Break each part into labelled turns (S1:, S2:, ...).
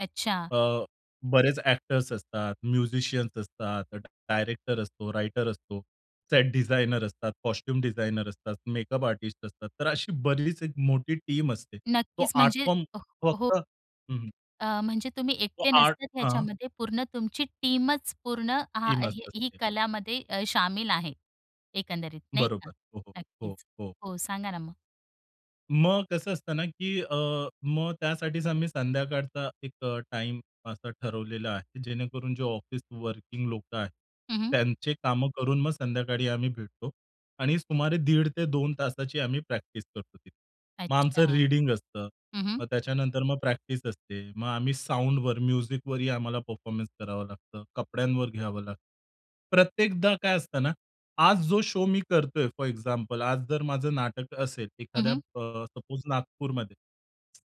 S1: अच्छा.
S2: अ, बरेच एक्टर्स असतात, म्युझिशियन्स असतात, डायरेक्टर असतो, रायटर असतो, सेट डिझाइनर असतात, कॉस्ट्यूम डिझाइनर असतात, मेकअप आर्टिस्ट असतात. तर अशी बरीच एक मोठी टीम असते. तो
S1: नक्कीच
S2: आर्ट
S1: म्हणजे
S2: फॉर्म
S1: अ हो.
S2: फक्त हं, हं.
S1: अ, म्हणजे तुम्ही
S2: तो
S1: एकटे
S2: आर्ट
S1: नसतात
S2: हां.
S1: ह्याच्यामध्ये पूर्ण तुमची टीमच, पूर्ण हां,
S2: टीमचं
S1: ही ही
S2: असते.
S1: कलामध्ये अ, शामिल आहे, एकंदरीत नाही का
S2: बरोबर. हो, हो, हो,
S1: नक्कीच
S2: हो.
S1: हो, सांगा ना मग?
S2: मग कसं असतं ना, की अ, मग त्यासाठीच आम्ही संध्याकाळचा एक अ, टाईम असा ठरवलेला आहे. जेणेकरून जो ऑफिस वर्किंग लोकं आहेत,
S1: हं, हं.
S2: त्यांची कामं करून मग संध्याकाळी आम्ही भेटतो आणि सुमारे दीड ते 2 तासाची आम्ही प्रॅक्टिस करतो तिथे. मग
S1: अच्छा,
S2: आमचं
S1: हं,
S2: रीडिंग असतं
S1: हं.
S2: मग त्याच्यानंतर मग प्रॅक्टिस असते. मग आम्ही साउंडवर, म्युझिकवरही आम्हाला परफॉर्मन्स करावं लागतं, कपड्यांवर घ्यावं लागतं. प्रत्येकदा काय असतं ना, आज जो शो मी करतोय फोर एक्झाम्पल आज जर माझं नाटक असेल
S1: हं,
S2: एखाद्या
S1: हं.
S2: अ, सपोज नागपूरमध्ये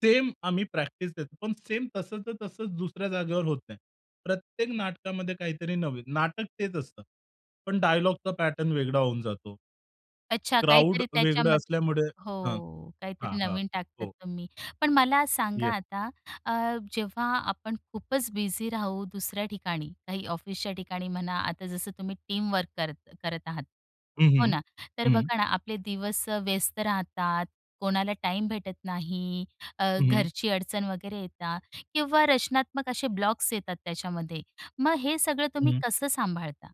S2: सेम आम्ही प्रॅक्टिस देतो, पण सेम तसंच-तसंच दुसऱ्या जागेवर होत नाही. प्रत्येक नाटकामध्ये काहीतरी नवीन, नाटक तेच असतं. पण डायलॉगचा पॅटर्न वेगळा होऊन जातो.
S1: अच्छा,
S2: क्राउड
S1: काहीतरी
S2: वेगळं
S1: त्याच्यामध्ये
S2: असल्यामुळे हां,
S1: हो,
S2: हां,
S1: काहीतरी
S2: हां.
S1: नवीन टाकतात
S2: हो.
S1: तुम्ही. पण मला सांगा
S2: येस.
S1: आता, अ, जेव्हा आपण खूपच बिझी राहू दुसऱ्या ठिकाणी, काही ऑफिसच्या ठिकाणी म्हणा. आता जसं तुम्ही टीम वर्क करत करत आहात,
S2: हं,
S1: हो
S2: हं,
S1: ना? तर
S2: हं.
S1: बघा ना, आपले दिवस व्यस्त राहतात, कोणाला टाईम भेटत नाही, अ,
S2: हं, हं.
S1: घरची अडचण वगैरे येतात किंवा रचनात्मक असे ब्लॉक्स येतात. त्याच्यामध्ये मग हे सगळं तुम्ही
S2: हं.
S1: कसं सांभाळता?